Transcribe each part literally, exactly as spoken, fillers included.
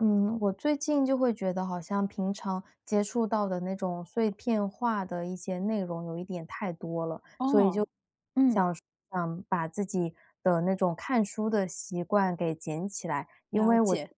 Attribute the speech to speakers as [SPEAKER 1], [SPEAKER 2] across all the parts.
[SPEAKER 1] 嗯，我最近就会觉得好像平常接触到的那种碎片化的一些内容有一点太多了，所以就
[SPEAKER 2] 哦，嗯。
[SPEAKER 1] 想说想把自己的那种看书的习惯给捡起来，因
[SPEAKER 2] 了
[SPEAKER 1] 为我，
[SPEAKER 2] 解。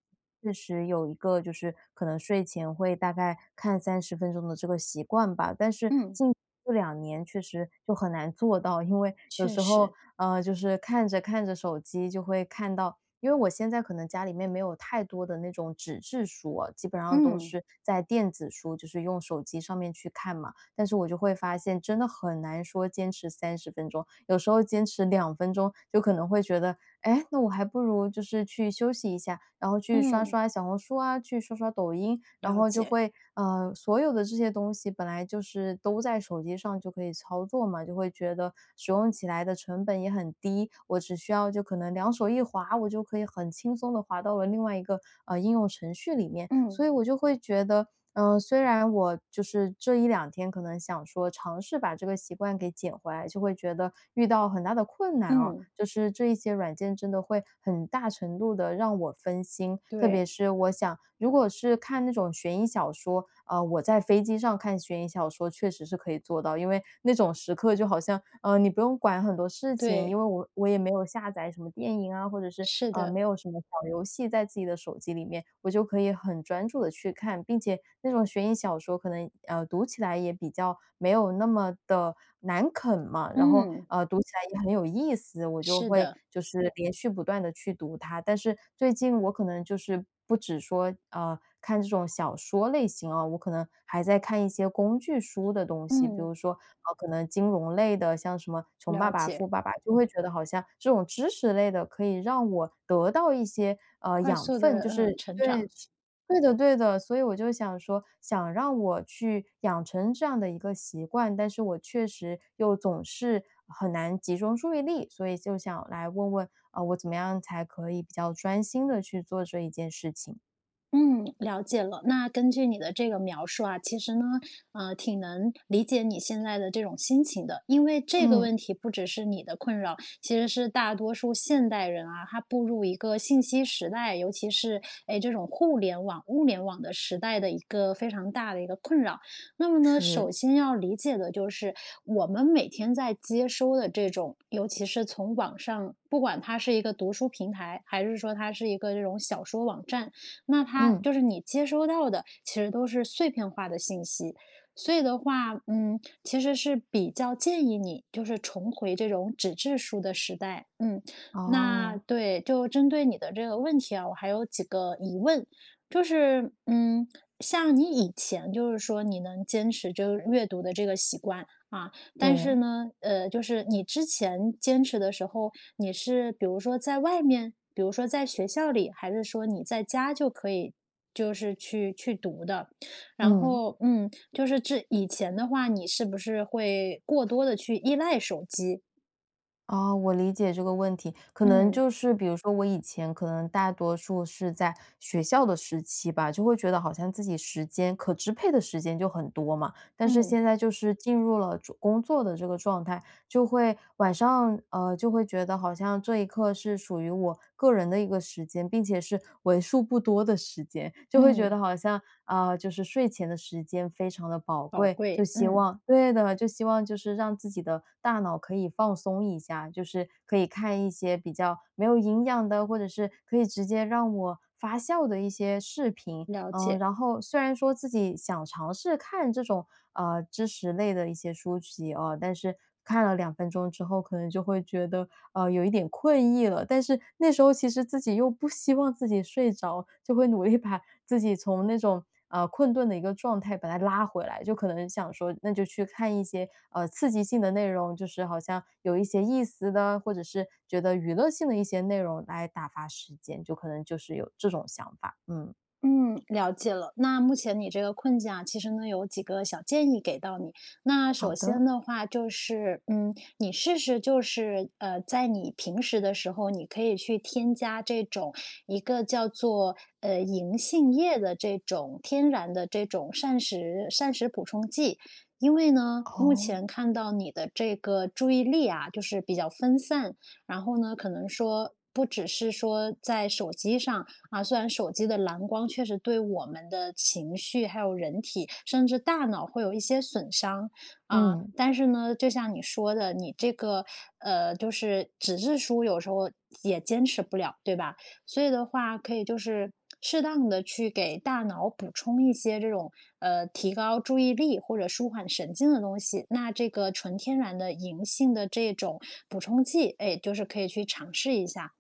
[SPEAKER 1] 确实有一个就是可能睡前会大概看三十分钟的这个习惯吧。但是
[SPEAKER 2] 嗯。
[SPEAKER 1] 近这两年确实就很难做到，因为有
[SPEAKER 2] 确
[SPEAKER 1] 时候，
[SPEAKER 2] 实。
[SPEAKER 1] 呃，就是看着看着手机就会看到因为我现在可能家里面可能没有太多的那种纸质书啊，基本上都
[SPEAKER 2] 嗯。
[SPEAKER 1] 是在电子书，就是用手机上面去看嘛。但是我就会发现真的很难说坚持三十分钟。有时候坚持两分钟，就可能会觉得，哎，那我还不如就是去休息一下，然后去刷
[SPEAKER 2] 嗯。
[SPEAKER 1] 刷小红书啊，去刷刷抖音。然
[SPEAKER 2] 了
[SPEAKER 1] 后就
[SPEAKER 2] 解。
[SPEAKER 1] 会，呃，所有的这些东西本来就是都在手机上就可以操作嘛，就会觉得使用起来的成本也很低，我只需要就可能两手一划，我就可以很轻松地滑到了另外一个，呃，应用程序里面。
[SPEAKER 2] 嗯。
[SPEAKER 1] 所以我就会觉得，嗯，虽然我就是这一两天可能想说尝试把这个习惯给捡回来，就会觉得遇到很大的困难哦，
[SPEAKER 2] 嗯。
[SPEAKER 1] 就是这一些软件真的会很大程度地让我分心。特别
[SPEAKER 2] 对。
[SPEAKER 1] 是我想如果是看那种悬疑小说，呃，我在飞机上看悬疑小说确实是可以做到，因为那种时刻就好像，呃，你不用管很多事情，因
[SPEAKER 2] 对。
[SPEAKER 1] 为我我也没有下载什么电影啊，或者是，
[SPEAKER 2] 是
[SPEAKER 1] 啊
[SPEAKER 2] 的。
[SPEAKER 1] 没有什么小游戏在自己的手机里面，我就可以很专注地去看。并且那种悬疑小说可能，呃，读起来也比较没有那么得难啃嘛，然后，
[SPEAKER 2] 嗯。
[SPEAKER 1] 呃，读起来也很有意思，我就
[SPEAKER 2] 是
[SPEAKER 1] 会
[SPEAKER 2] 的。
[SPEAKER 1] 就是连续不断地去读它。但是最近我可能就是不只说，啊，看这种小说类型啊，我可能还在看一些工具书的东西，比
[SPEAKER 2] 嗯。
[SPEAKER 1] 如说，呃，可能金融类的，像什么《穷爸
[SPEAKER 2] 了
[SPEAKER 1] 爸
[SPEAKER 2] 解。
[SPEAKER 1] 富爸爸》，就会觉得好像这种知识类的可以让我得到一些，呃，
[SPEAKER 2] 快
[SPEAKER 1] 养
[SPEAKER 2] 速地，
[SPEAKER 1] 分。就
[SPEAKER 2] 呃，
[SPEAKER 1] 是
[SPEAKER 2] 成
[SPEAKER 1] 对
[SPEAKER 2] 长。
[SPEAKER 1] 是对的对的。所以我就想说想让我去养成这样的一个习惯，但是我确实又总是很难集中注意力，所以就想来问问，啊，我怎么样才可以比较专心地去做这一件事情。
[SPEAKER 2] 嗯，了解了。那根据你的这个描述啊，其实呢，啊，挺能理解你现在的这种心情的，因为这个
[SPEAKER 1] 嗯。
[SPEAKER 2] 问题不只是你的困扰，其实是大多数现代人啊，他步入一个信息时代，尤其是，哎，这种互联网、物联网的时代的一个非常大的一个困扰。那么呢首
[SPEAKER 1] 是。
[SPEAKER 2] 先要理解的就是我们每天在接收的这种，尤其是从网上，不管它是一个读书平台，还是说它是一个这种小说网站，那它
[SPEAKER 1] 嗯。
[SPEAKER 2] 就是你接收到的其实都是碎片化的信息。所以的话，嗯，其实是比较建议你就是重回这种纸质书的时代。嗯，那
[SPEAKER 1] 哦。
[SPEAKER 2] 对，就针对你的这个问题啊，我还有几个疑问，就是，嗯，像你以前就是说你能坚持就是阅读的这个习惯，啊，但是
[SPEAKER 1] 对。
[SPEAKER 2] 呢，呃，就是你之前坚持的时候，你是比如说在外面？比如说在学校里？还是说你在家就可以就是去去读的？然
[SPEAKER 1] 嗯。
[SPEAKER 2] 后，嗯，就是这以前的话，你是不是会过多地去依赖手机？
[SPEAKER 1] 啊，我理解这个问题。可能
[SPEAKER 2] 嗯。
[SPEAKER 1] 就是比如说，我以前，可能大多数是在学校的时期吧，就会觉得好像自己时间可支配的时间就很多嘛。但是
[SPEAKER 2] 嗯。
[SPEAKER 1] 现在就是进入了工作的这个状态，就会晚上，呃，就会觉得好像这一刻是属于我个人的一个时间，并且是为数不多的时间。就会觉
[SPEAKER 2] 嗯。
[SPEAKER 1] 得好像，呃，就是睡前的时间非常地宝
[SPEAKER 2] 宝
[SPEAKER 1] 贵。就
[SPEAKER 2] 贵，
[SPEAKER 1] 希
[SPEAKER 2] 嗯。
[SPEAKER 1] 望对的，就希望就是让自己的大脑可以放松一下。就是可以看一些比较没有营养的，或者是可以直接让我发笑的一些视频。
[SPEAKER 2] 了
[SPEAKER 1] 嗯，
[SPEAKER 2] 解。
[SPEAKER 1] 然后，虽然说自己想尝试看这种，呃，知识类的一些书籍，哦，但是看了两分钟之后，可能就会觉得，呃，有一点困意了。但是那时候其实自己又不希望自己睡着，就会努力把自己从那种，呃，困顿的一个状态把它拉回来。就可能想说那就去看一些，呃，刺激性的内容。就是好像有一些意思的，或者是觉得娱乐性的一些内容，来打发时间。就可能就是有这种想法，嗯。
[SPEAKER 2] 嗯，了解了。那目前你这个困境啊，其实呢，有几个小建议给到你，那
[SPEAKER 1] 好
[SPEAKER 2] 首先
[SPEAKER 1] 的。
[SPEAKER 2] 的话就是，嗯，你试试就是，呃，在你平时的时候你可以去添加这种一个叫做，呃，银杏液的这种天然的这种膳食膳食补充剂。因为呢，目
[SPEAKER 1] 哦。
[SPEAKER 2] 前看到你的这个注意力啊，就是比较分散，然后呢，可能说不只是说在手机上啊，虽然手机的蓝光确实对我们的情绪，还有人体，甚至大脑会有一些损伤，啊，
[SPEAKER 1] 嗯。
[SPEAKER 2] 但是呢，就像你说的，你这个，呃，就是纸质书，有时候也坚持不了对吧？所以的话可以就是适当地去给大脑补充一些这种，呃，提高注意力或者舒缓神经的东西，那这个纯天然的银杏的这种补充剂，哎，就是可以去尝试一下，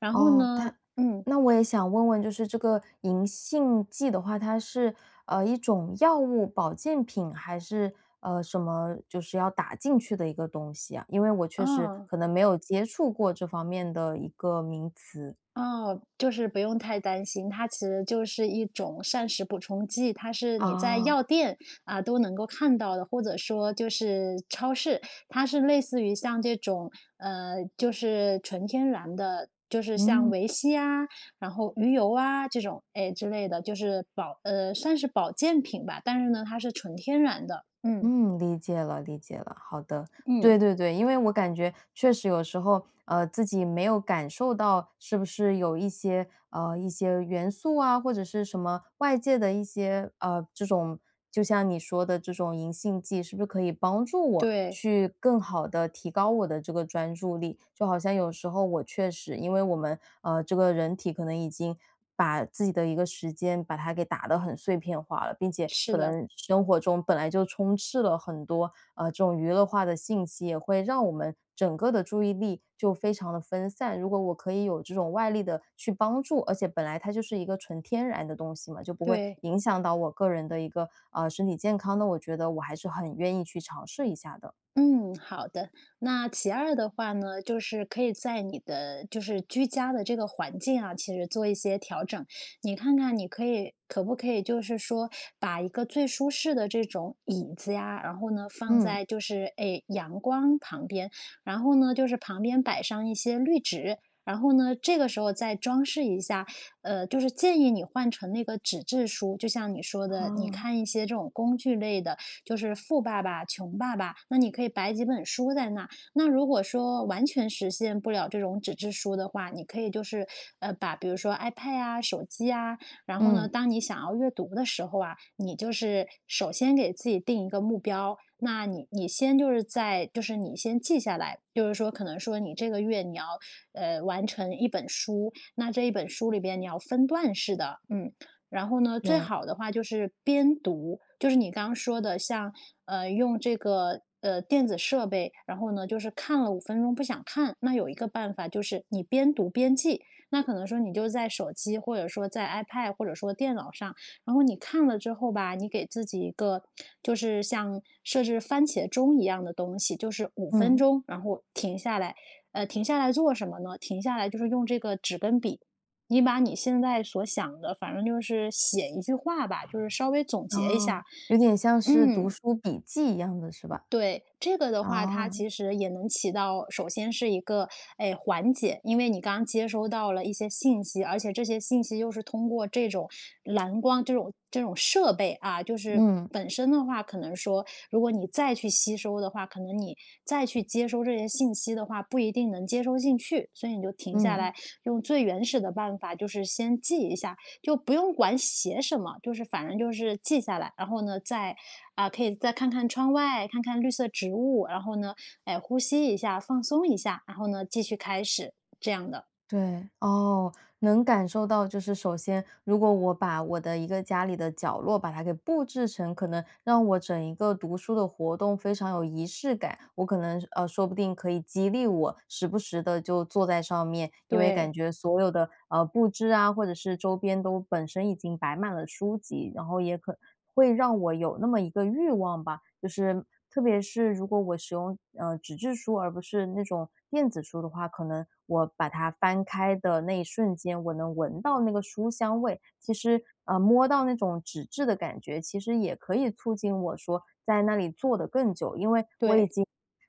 [SPEAKER 2] 然后
[SPEAKER 1] 哦，
[SPEAKER 2] 呢
[SPEAKER 1] 它
[SPEAKER 2] 嗯。
[SPEAKER 1] 那我也想问问就是这个银杏剂的话，它是，呃，一种药物保健品？还是，呃，什么？就是要打进去的一个东西呀？因为我确实
[SPEAKER 2] 哦。
[SPEAKER 1] 可能没有接触过这方面的一个名词。
[SPEAKER 2] 哦，就是不用太担心，它其实就是一种膳食补充剂。它是你在药
[SPEAKER 1] 哦。
[SPEAKER 2] 店，啊，都能够看到的，或者说就是超市，它是类似于像这种，呃，就是纯天然的，就是像
[SPEAKER 1] 嗯。
[SPEAKER 2] 维 C 啊，然后鱼油啊，这种，哎，之类的，就是保呃，算是保健品吧，但是呢，它是纯天然的，嗯。
[SPEAKER 1] 嗯，理解了理解了。好的，
[SPEAKER 2] 嗯。
[SPEAKER 1] 对对对，因为我感觉确实有时候，呃，自己没有感受到，是不是有一些呃，一些元素啊或者是什么外界的一些，呃，这种就像你说的这种银杏剂，是不是可以帮助我
[SPEAKER 2] 对。
[SPEAKER 1] 去更好地提高我的这个专注力？就好像有时候我确实，因为我们，呃，这个人体可能已经把自己的一个时间把它给打得很碎片化了，并且
[SPEAKER 2] 是
[SPEAKER 1] 可
[SPEAKER 2] 的。
[SPEAKER 1] 能生活中本来就充斥了很多，呃，这种娱乐化的信息，也会让我们整个的注意力就非常地分散。如果我可以有这种外力的去帮助而且本来它就是一个纯天然的东西嘛，就不会
[SPEAKER 2] 对。
[SPEAKER 1] 影响到我个人的一个，呃，身体健康呢，我觉得我还是很愿意去尝试一下的。
[SPEAKER 2] 嗯，好的。那其二的话呢，就是可以在你的就是居家的这个环境啊，其实做一些调整。你看看你可以可不可以就是说把一个最舒适的这种椅子呀，然后呢，放
[SPEAKER 1] 嗯。
[SPEAKER 2] 在就是，哎，阳光旁边，然后呢，就是旁边摆上一些绿植，然后呢，这个时候再装饰一下，呃，就是建议你换成那个纸质书，就像你说的，你
[SPEAKER 1] 哦。
[SPEAKER 2] 看一些这种工具类的，就是《富爸爸穷爸爸》。那你可以摆几本书在那，那如果说完全实现不了这种纸质书的话，你可以就是，呃，把比如说 ipad 呀，手机呀，然后呢，
[SPEAKER 1] 嗯。
[SPEAKER 2] 当你想要阅读的时候啊，你就是首先给自己定一个目标，那你你先就是在就是你先记下来，就是说可能说你这个月，你要，呃，完成一本书，那这一本书里边你要分段式地嗯，然后呢，最
[SPEAKER 1] 对。
[SPEAKER 2] 好的话就是边读就是你刚刚说的像，呃，用这个，呃，电子设备，然后呢，就是看了五分钟不想看，那有一个办法就是你边读边记。那可能说你就在手机或者说在 ipad 或者说电脑上，然后你看了之后吧，你给自己一个就是像设置番茄钟一样的东西，就是五分
[SPEAKER 1] 嗯。
[SPEAKER 2] 钟然后停下来，呃，停下来做什么呢？停下来就是用这个纸跟笔，你把你现在所想的反正就是写一句话吧，就是稍微总结一
[SPEAKER 1] 哦，
[SPEAKER 2] 下，
[SPEAKER 1] 有点像是读
[SPEAKER 2] 嗯。
[SPEAKER 1] 书笔记一样的是吧？
[SPEAKER 2] 对，这个的话，它
[SPEAKER 1] 哦。
[SPEAKER 2] 其实也能起到首先是一个，哎，缓解。因为你刚接收到了一些信息，而且这些信息又是通过这种蓝光这种这种设备啊，就是
[SPEAKER 1] 嗯。
[SPEAKER 2] 本身的话可能说如果你再去吸收的话，可能你再去接收这些信息的话，不一定能接收进去。所以你就停下
[SPEAKER 1] 嗯。
[SPEAKER 2] 来，用最原始的办法就是先记一下，就不用管写什么，就是反正就是记下来，然后呢，再啊，可以再看看窗外，看看绿色植物，然后呢，哎，呼吸一下、放松一下，然后呢，继续开始，这样的。
[SPEAKER 1] 对，哦，能感受到。就是首先如果我把我的一个家里的角落把它给布置成，可能让我整一个读书的活动非常有仪式感，我可能，呃，说不定可以激励我时不时地就坐在上面，因为感
[SPEAKER 2] 对。
[SPEAKER 1] 觉所有的，呃，布置啊，或者是周边都本身已经摆满了书籍，然后也可能会让我有那么一个欲望吧。就是，特别是如果我使用，呃，纸质书，而不是那种电子书的话，可能我把它翻开的那一瞬间，我能闻到那个书香味，其实，呃，摸到那种纸质的感觉，其实也可以促进我说在那里坐得更久。因为我已
[SPEAKER 2] 对。
[SPEAKER 1] 经，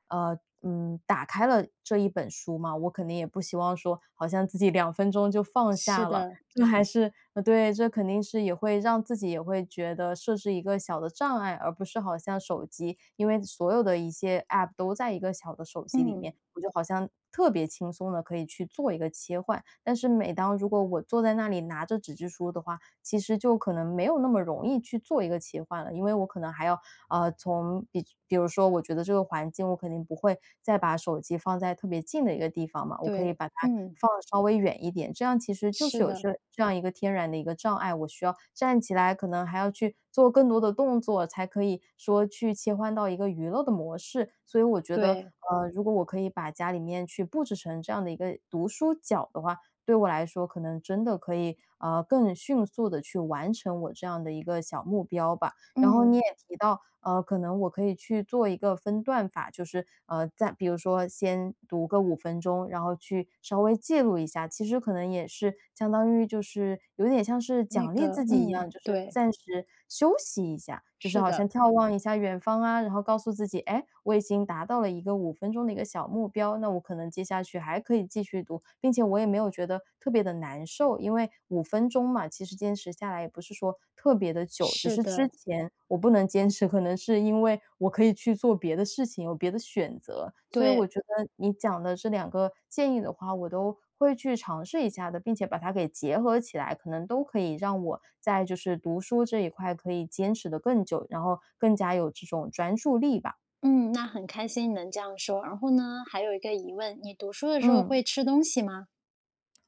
[SPEAKER 1] 呃嗯，打开了这一本书嘛，我肯定也不希望说好像自己两分钟就放
[SPEAKER 2] 是
[SPEAKER 1] 下了。
[SPEAKER 2] 的。
[SPEAKER 1] 这还是呃，对这肯定是也会让自己也会觉得设置一个小的障碍，而不是好像手机，因为所有的一些 App 都在一个小的手机里
[SPEAKER 2] 嗯。
[SPEAKER 1] 面，我就好像特别轻松地可以去做一个切换，但是每当如果我坐在那里拿着纸质书的话，其实就可能没有那么容易去做一个切换了。因为我可能还要啊，从比比如说，我觉得这个环境我肯定不会再把手机放在特别近的一个地方嘛，我可以
[SPEAKER 2] 对，
[SPEAKER 1] 把它
[SPEAKER 2] 嗯。
[SPEAKER 1] 放得稍微远一点，这样其实就是
[SPEAKER 2] 是
[SPEAKER 1] 有
[SPEAKER 2] 的。
[SPEAKER 1] 这这样一个天然的一个障碍，我需要站起来可能还要去做更多的动作才可以说去切换到一个娱乐的模式。所以我觉得，
[SPEAKER 2] 对。
[SPEAKER 1] 呃，如果我可以把家里面去布置成这样的一个读书角的话，对我来说，可能真的可以，啊，更迅速地去完成我这样的一个小目标吧。然后你
[SPEAKER 2] 嗯。
[SPEAKER 1] 也提到，呃，可能我可以去做一个分段法，就是，呃再比如说先读个五分钟，然后去稍微介入一下，其实可能也是相当于就是有点像是
[SPEAKER 2] 那
[SPEAKER 1] 奖励
[SPEAKER 2] 个，
[SPEAKER 1] 自己一
[SPEAKER 2] 嗯，
[SPEAKER 1] 样，就是
[SPEAKER 2] 对。
[SPEAKER 1] 暂时休息一下，就是
[SPEAKER 2] 是
[SPEAKER 1] 好
[SPEAKER 2] 的。
[SPEAKER 1] 像眺望一下远方啊，然后告诉自己，哎，我已经达到了一个五分钟的一个小目标，那我可能接下去还可以继续读，并且我也没有觉得特别地难受，因为五分钟嘛，其实坚持下来也不是说特别地久。只
[SPEAKER 2] 是
[SPEAKER 1] 是之
[SPEAKER 2] 的。
[SPEAKER 1] 前我不能坚持，可能是因为我可以去做别的事情，有别的选择，所以我
[SPEAKER 2] 对。
[SPEAKER 1] 觉得你讲的这两个建议的话，我都会去尝试一下的，并且把它给结合起来，可能都可以让我在就是读书这一块可以坚持得更久，然后更加有这种专注力吧。
[SPEAKER 2] 嗯，那很开心你能这样说。然后呢，还有一个疑问，你读书的时候
[SPEAKER 1] 嗯。
[SPEAKER 2] 会吃东西吗？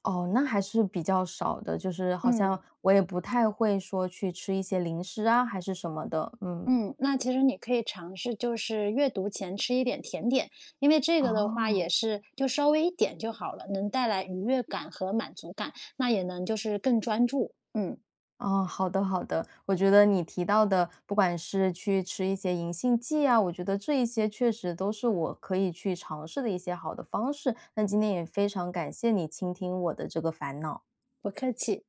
[SPEAKER 1] 哦，那还是比较少的，就是好像
[SPEAKER 2] 嗯。
[SPEAKER 1] 我也不太会说去吃一些零食啊还是什么的，嗯。
[SPEAKER 2] 嗯，那其实你可以尝试就是阅读前吃一点甜点，因为这个的话
[SPEAKER 1] 哦。
[SPEAKER 2] 也是就稍微一点就好了，能带来愉悦感和满足感，那也能就是更专注，嗯。
[SPEAKER 1] 哦，好的好的。我觉得你提到的，不管是去吃一些银杏剂啊，我觉得这一些确实都是我可以去尝试的一些好的方式，那今天也非常感谢你倾听我的这个烦恼。
[SPEAKER 2] 不客气。